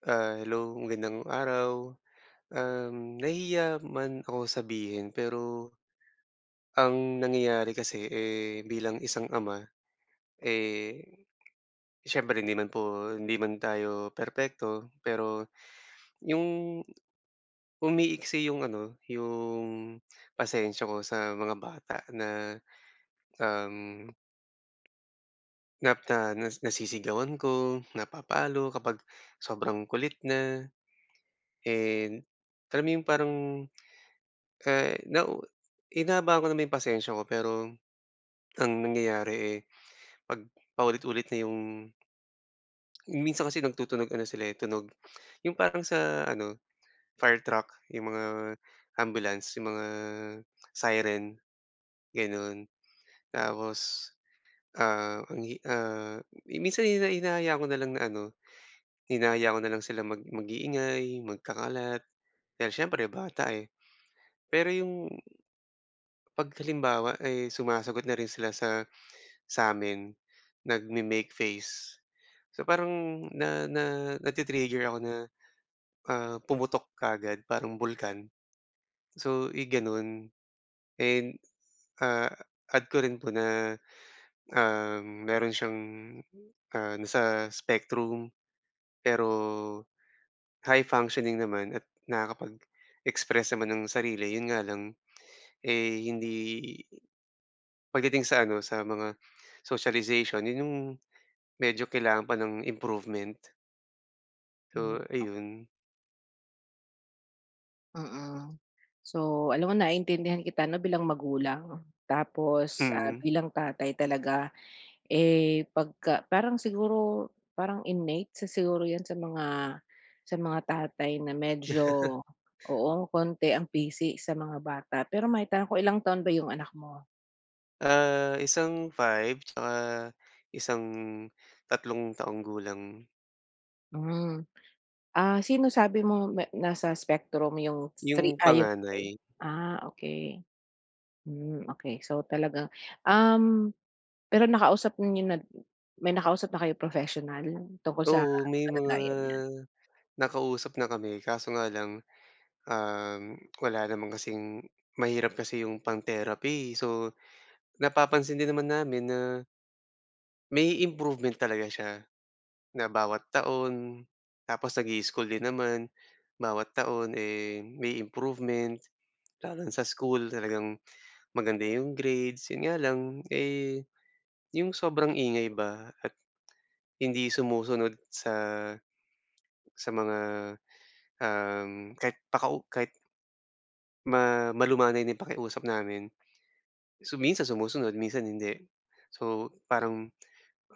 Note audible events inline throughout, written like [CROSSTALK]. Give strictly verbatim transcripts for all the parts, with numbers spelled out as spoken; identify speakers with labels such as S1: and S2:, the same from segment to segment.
S1: Ah, hello, magandang araw. Um, nahihiya man ako sabihin pero, ang nangyayari kasi, eh, bilang isang ama, eh, siyempre hindi naman po hindi man tayo perpekto pero yung, umiiksi yung ano, yung pasensya ko sa mga bata na, um Nap na na nasisigawan ko, napapalo kapag sobrang kulit na. And, kami yung parang eh, na hinahabaan ko naman yung pasensya ko pero, ang nangyayari, eh, 'pag paulit-ulit na yung Hmm, minsan kasi nagtutunog ano sila, eh, tunog yung parang sa ano, fire truck, yung mga ambulance, yung mga siren, gano'n. Tapos, ah, ang hi ah, minsan hina hinahayaan ko na lang na ano hinahayaan ko na lang sila mag mag-iingay, magkakalat. Dahil siyempre bata, eh. Pero yung 'pag halimbawa ay sumasagot na rin sila sa sa'min, nagme-make face. So parang na na nati-trigger ako na, ah, pumutok kaagad parang bulkan. So i gano'n. And, ah, add ko rin po na, um, meron siyang, ah, nasa spectrum. Pero high functioning naman at nakakapag-express naman ng sarili. Yun nga lang, eh, hindi pagdating sa ano, sa mga socialization, yun yung medyo kailangan pa ng improvement.
S2: Hmm,
S1: So
S2: okey.
S1: ayun.
S2: Mm, so alam mo naiintindihan kita 'no, bilang magulang 'no. Tapos, ah,
S1: Mm.
S2: bilang tatay talaga, eh, pagka parang siguro parang innate, isa siguro 'yan sa mga sa mga tatay na
S1: [LAUGHS]
S2: medyo, oo, konti ang pisi sa mga bata. Pero maitanong ko, ilang taon ba 'yung anak mo?
S1: Ah, isang five at saka isang tatlong taong gulang.
S2: Hmm. Ah, sino sabi mong na nasa spectrum 'yung 3,
S1: 'Yung
S2: ay 'yung 5?
S1: panganay.
S2: Ah, okey. Hmm, okey, so talagang um, pero nakausap niyo na may nakausap na kayong professional tungkol sa
S1: Oo, may mga
S2: kalagayan niya?
S1: nakausap na kami, kaso nga lang, um, wala naman kasing mahirap kasi 'yong pang-therapy, so napapansin din naman namin na may improvement talaga siya, na bawat taon, tapos nag-i-school din naman. Bawat taon, eh, may improvement, lalo na sa school, talagang maganda 'yong grades, 'yon nga lang, eh, 'yong sobrang ingay ba at hindi sumusunod sa sa mga, um, kahit pakau kahit ma malumanay na 'yung pakiusap namin, so minsan sumusunod, minsan hindi. So parang,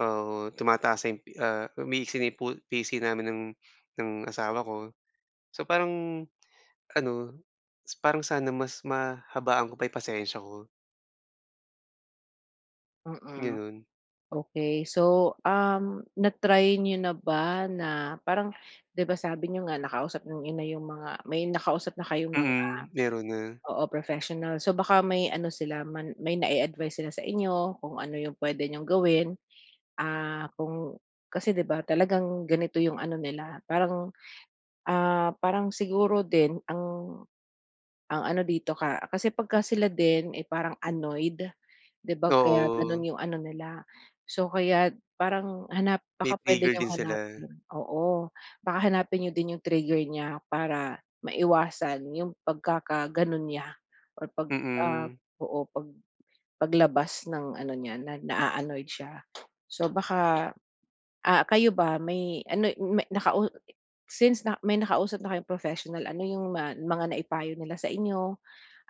S1: ah, tumataas na 'yung, ah, umiiksi na 'yong pu pisi namin ng ng asawa ko, so parang ano, parang sana mas mahabaan ko pa 'yong pasensiya ko.
S2: Mm,
S1: Ganon.
S2: okey so, um, na-try niyo na ba na parang 'di ba sabi niyo nga nakausap niyo na yung mga may nakausap na kayong mga
S1: Mm, meron na.
S2: oo professional, so baka may ano sila man may nai-advice sila sa inyo kung ano yung puwede niyong gawin, ah, kung kasi di ba talagang ganito yung ano nila parang ah, parang siguro din ang ang ano dito ka kasi pagka sila din ay parang annoyed, di ba kaya ganun
S1: Oo.
S2: yung ano nila. So kaya't parang hanap
S1: Ti
S2: baka puwede
S1: trigger
S2: niyong
S1: din sila.
S2: hanapin oo baka hanapin niyo din yung trigger niya para maiwasan yung pagkakaganon niya or pag, ah,
S1: Mm.
S2: oo pag paglabas ng ano niya na naa-annoyed siya. So baka, ah, kayo ba may ano may nakau since na may nakausap na kayong professional ano yung ma mga naipayo nila sa inyo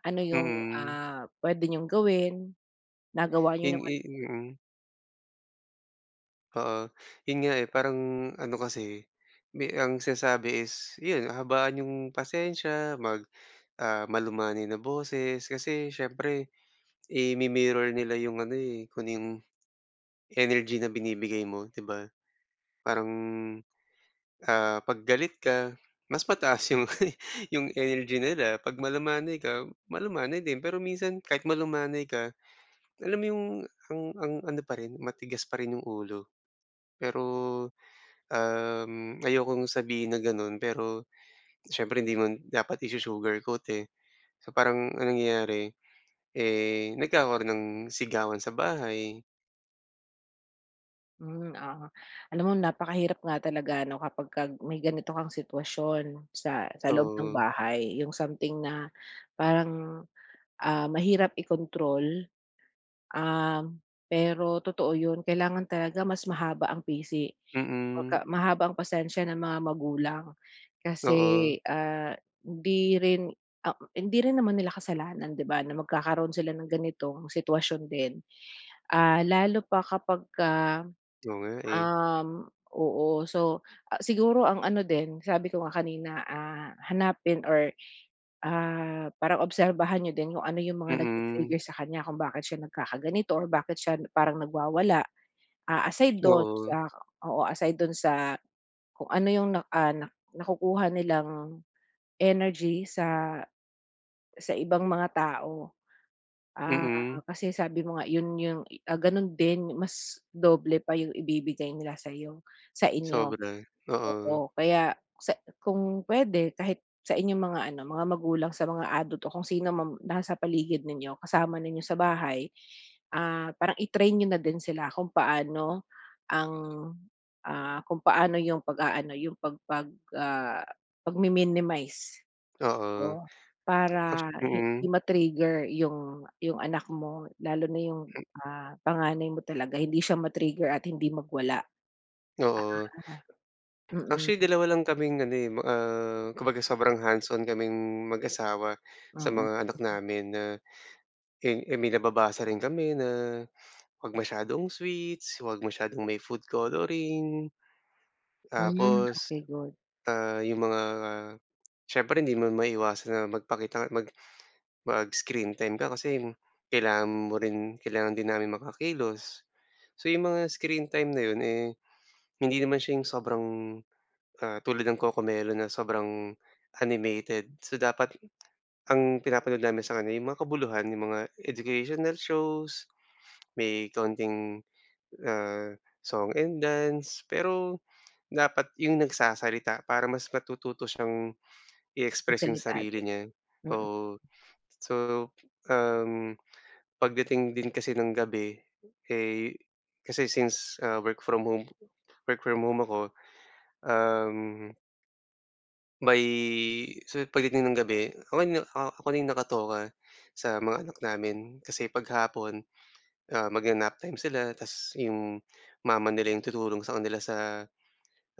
S2: ano yung,
S1: Mm.
S2: ah, puwede niyong gawin, nagawa niyo
S1: Hin
S2: naman
S1: i mm. Oo, 'yun nga, eh, parang ano kasi mi ang sinasabi is 'yun habaan yung pasensya, mag, ah, malumanay na boses kasi siyempre i-mi-mirror nila yung ano, eh, kung ano yung, energy na binibigay mo, di ba? Parang, ah, 'pag galit ka, mas mataas 'yong [CHUCKLES] 'yong energy nila 'pag malumanay ka, malumanay din pero minsan kahit malumanay ka, alam mo 'yong ang ang ano pa rin, matigas pa rin 'yong ulo. Pero, um, ayokong sabihin na gano'n pero syempre hindi mo dapat i-su-sugar coat, eh. So parang ang nangyayari, eh, nagkakaron ng sigawan sa bahay.
S2: Hmm, oo. Alam mo napakahirap nga talaga ano kapag ka may ganito kang sitwasyon, sa sa loob ng
S1: To
S2: bahay, yung something na parang, ah, mahirap i-control. Um, pero totoo 'yun kailangan talaga mas mahaba ang pisi.
S1: Mm.
S2: Kumbaga mahaba ang pasensya ng mga magulang, kasi,
S1: Oo.
S2: ah, hindi rin, ah hindi rin naman nila kasalanan 'di ba na magkakaroon sila ng ganitong sitwasyon din. Ah, lalo pa kapag ka,
S1: Oo nga, eh.
S2: um, oo so, ah siguro ang ano din sabi ko nga kanina, ah, hanapin or ah, parang obserbahan niyo din kung ano yung mga
S1: Mm.
S2: nag-ti-trigger sa kanya kung bakit siya nagkakaganito or bakit siya parang nagwawala. Ah, aside do'n
S1: Oo.
S2: sa oo, aside do'n sa kung ano yung na, ah, nakukuha nilang energy sa, sa ibang mga tao. Ah,
S1: Mm.
S2: kasi sabi mo nga 'yun yung ah, gano'n din mas doble pa yung ibibigay nila sa'yo, sa inyo,
S1: Sobra, oo.
S2: oo kaya sa kung puwede kahit sa inyong mga ano, mga magulang sa mga adult o kung sino mga nasa paligid ninyo kasama ninyo sa bahay, ah, parang i-train niyo na din sila kung paano ang, ah, kung paano yung pag-aano, yung pag pag ah, pagmi-minimize.
S1: Oo.
S2: Oo, para hindi
S1: Mm.
S2: ma-trigger yung, yung anak mo lalo na yung, ah, panganay mo talaga hindi siya ma-trigger at hindi magwala.
S1: Oo.
S2: Ah,
S1: Actually
S2: mm.
S1: dalawa lang kaming ano, eh, ma ah, kumbaga sobrang hands-on kaming mag-asawa sa
S2: Mm,
S1: mga anak
S2: mm.
S1: namin na, eh eh, may nababasa rin kami na 'wag masyadong sweets, 'wag masyadong may food coloring.
S2: Hmm,
S1: Tapos,
S2: okey good.
S1: ah, 'yong mga, syempre hindi mo maiiwasan na magpakita nga mag mag-screen time ka kasi kailangan mo rin kailangan din namin makakilos, so 'yong mga screen time na 'yon, eh, hindi naman siya 'yong sobrang, ah, tulad ng Cocomelon na sobrang animated, so dapat ang pinapanood namin sa kanya 'yong makabuluhan, yung mga educational shows may kaunting, ah, song and dance pero, dapat yung nagsasalita para mas matututo siyang i-express yung
S2: Magsalita.
S1: sarili niya,
S2: Mm.
S1: oo. So, um, pagdating din kasi ng gabi, eh, kasi since, ah, work-from-home, work-from-home ako, um May so pagdating ng gabi ako na ak ako na yung nakatoka sa mga anak namin kasi 'pag hapon, ah, magna-nap time sila tas yung mama nila yung tutulong sa kanila sa,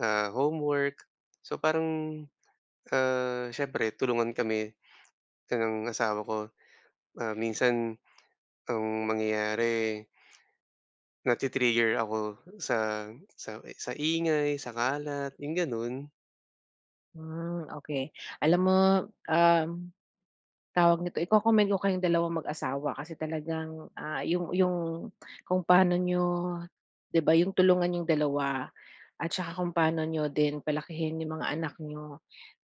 S1: ah, homework. So parang, ah, siyempre, tulungan kami ng asawa ko. Ah minsan, ang mangyayari nati-trigger ako sa sa sa ingay, sa kalat, yung gano'n.
S2: Hmm, okey. Alam mo, um, tawag nito, iko-commend ko kayong dalawang mag-asawa kasi talagang, ah, yung yung kung paano niyo, 'di ba yung tulungan niyong dalawa at saka kung paano niyo din palakihin yung mga anak niyo.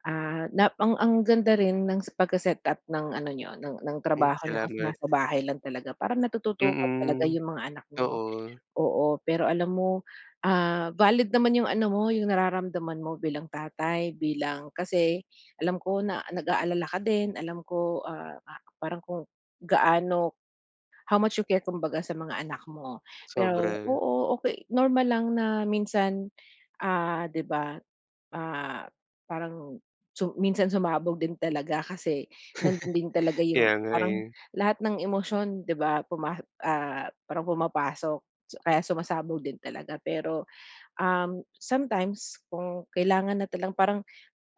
S2: Ah, na ang ang ganda rin ng s pagka-setup ng ano niyo ng ng
S1: M
S2: trabaho niyo kasi
S1: salamat.
S2: nasa bahay lang talaga parang natututukan talaga
S1: Mm.
S2: yung mga anak niyo,
S1: Oo.
S2: oo. Pero alam mo, ah, valid naman yung ano mo, yung nararamdaman mo bilang tatay, bilang kasi alam ko na nag-aalala ka din. Alam ko, ah, pa parang kung gaano how much you care, kumbaga sa mga anak mo. Pero
S1: Sobra.
S2: oo, okey normal lang na minsan, ah, 'di ba, ah, parang su minsan sumabog din talaga kasi nando'n din talaga
S1: [CHUCKLES]
S2: yung
S1: Kaya nga,
S2: parang
S1: eh.
S2: lahat ng emosyon 'di ba? Puma ah, parang pumapasok so kaya sumasabog din talaga pero, um, sometimes kung kailangan na talagang parang,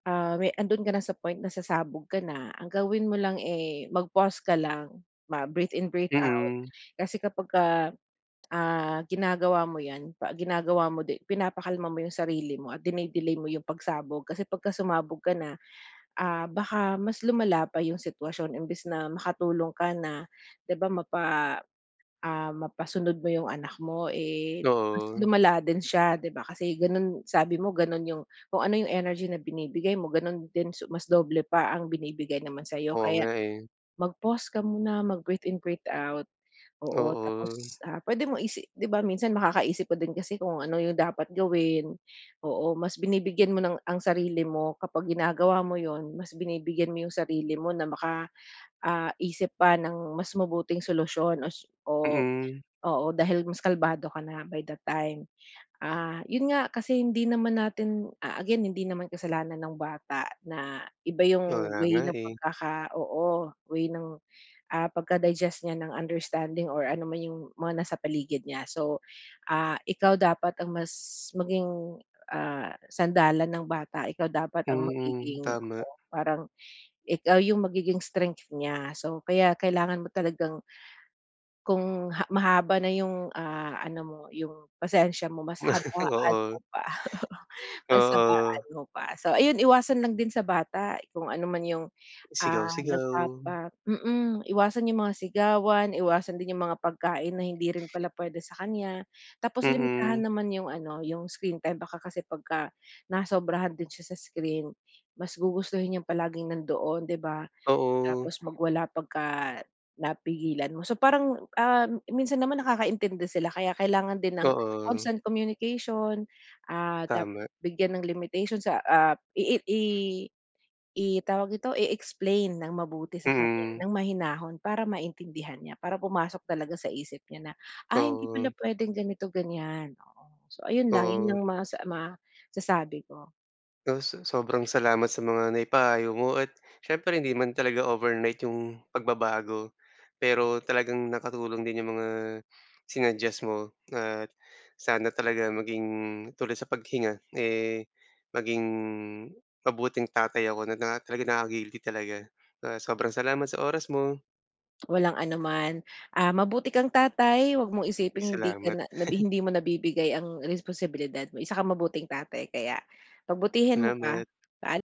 S2: ah, me 'ando'n ka na sa point na sasabog ka na, ang gawin mo lang, eh, mag-pause ka lang, mag-breathe in, breathe out.
S1: Mm.
S2: Kasi kapagka, ah, ginagawa mo yan, pa ginagawa mo di pinapakalma mo yung sarili mo at dine-delay mo yung pagsabog kasi pagka sumabog ka na, ah, baka mas lumala pa yung sitwasyon imbes na makatulong ka na 'di ba? Mapa ah, mapasunod mo yung anak mo, eh, mas
S1: Oo.
S2: lumala din siya 'di ba? Kasi gano'n sabi mo gano'n yung kung ano yung energy na binibigay mo, gano'n din su mas doble pa ang binibigay naman sa'yo,
S1: Oo
S2: kaya
S1: nga, eh.
S2: mag-pause ka muna, mag-breath in, breathe out. Oo,
S1: Oo.
S2: tapos, ah, puwede mo isi 'di ba minsan makakaisip ka din kasi kung ano yung dapat gawin. Oo, mas binibigyan mo ng ang sarili mo kapag ginagawa mo 'yun, mas binibigyan mo yung sarili mo na baka, ah, isip pa ng mas mabuting solusyon o su o,
S1: Mm.
S2: oo, dahil mas kalmado ka na by that time. Ah, yun nga, kasi hindi naman natin, ah, again hindi naman kasalanan ng bata na iba yung
S1: Wala
S2: way
S1: nga,
S2: ng
S1: eh.
S2: pagkaka oo, way ng, ah, pagka-digest niya ng understanding or ano man yung mga nasa paligid niya. So, ah, ikaw dapat ang mas maging, ah, sandalan ng bata. Ikaw dapat ang
S1: Mm,
S2: magiging
S1: tama.
S2: oo, parang ikaw yung magiging strength niya. So, kaya kailangan mo talagang kung ha mahaba na yung, ah, ano mo, yung pasensya mo, mas
S1: [LAUGHS]
S2: habaan
S1: Oo.
S2: mo pa. [CHUCKLES] Mas habaan
S1: Oo.
S2: mo pa. So ayun, iwasan lang din sa bata kung ano man yung,
S1: Sigaw,
S2: ah,
S1: sigaw.
S2: nagpapa mm, iwasan yung mga sigawan, iwasan din yung mga pagkain na hindi rin pala puwede sa kanya. Tapos limitahan
S1: Mm.
S2: naman yung ano, yung screen time baka kasi pagka nasobrahan din siya sa screen, mas gugustuhin niyang palaging nandoon, 'di ba?
S1: Oo.
S2: Tapos magwala pagka napigilan mo. So parang, um, minsan naman nakakaintindi sila kaya kailangan din ng
S1: Oo.
S2: constant communication. Ah, dapat
S1: Tama.
S2: bigyan ng limitation sa ah, ii i i tawag dito, i-explain nang mabuti sa kanya,
S1: Mm.
S2: nang mahinahon para maintindihan niya, para pumasok talaga sa isip niya na, "ay hindi pala
S1: Oo.
S2: puwedeng ganito, ganyan" oo. So ayun lang, yun
S1: Oo.
S2: lang masa masasabi ko.
S1: Oh, so sobrang salamat sa mga naipayo mo at siyempre, hindi man talaga overnight yung pagbabago, pero talagang nakatulong din yung mga, sinuggest mo at sana talaga maging tulad sa paghinga, eh, maging mabuting tatay ako na na talagang nakaka-guilty talaga. Ah, sobrang salamat sa oras mo.
S2: Walang anuman. Ah, mabuti kang tatay. 'Wag mong
S1: Uy,
S2: isiping hindi ka
S1: salamat.
S2: na na
S1: [CHUCKLES]
S2: hindi mo nabibigay ang responsibilidad mo, isa kang mabuting tatay kaya pagbutihin mo pa.
S1: Salamat.
S2: Paala